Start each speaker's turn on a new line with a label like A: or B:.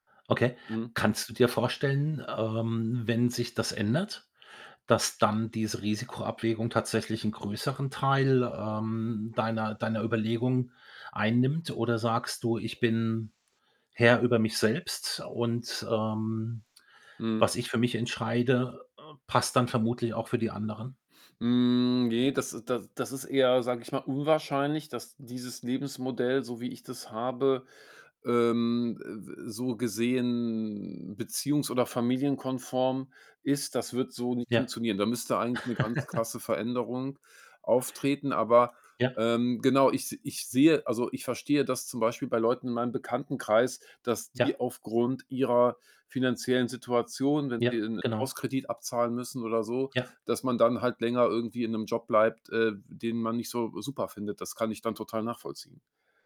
A: Okay.
B: Mhm.
A: Kannst du dir vorstellen, ähm, wenn sich das ändert, dass dann diese Risikoabwägung tatsächlich 'nen größeren Teil, ähm, deiner deiner Überlegung einnimmt? Oder sagst du: „Ich bin Herr über mich selbst und, ähm,
B: Mhm.
A: was ich für mich entscheide, äh, passt dann vermutlich auch für die anderen?“
B: Hm, ne, das da das ist eher, sage ich mal, unwahrscheinlich, dass dieses Lebensmodell, so wie ich das habe, ähm, ä ä so gesehen beziehungs oder familienkonform ist. Das wird so nicht
A: Ja.
B: funktionieren. Da müsste eigentlich 'ne ganz krasse Veränderung auftreten. Aber,
A: Ja.
B: ähm, genau, ich s ich sehe also, ich verstehe, dass zum Beispiel bei Leuten in meinem Bekanntenkreis, dass die
A: Ja.
B: aufgrund ihrer finanziellen Situation, wenn
A: Ja,
B: sie 'nen
A: genau.
B: Hauskredit abzahlen müssen oder so,
A: Ja.
B: dass man dann halt länger irgendwie in 'nem Job bleibt, äh, den man nicht so super findet. Das kann ich dann total nachvollziehen.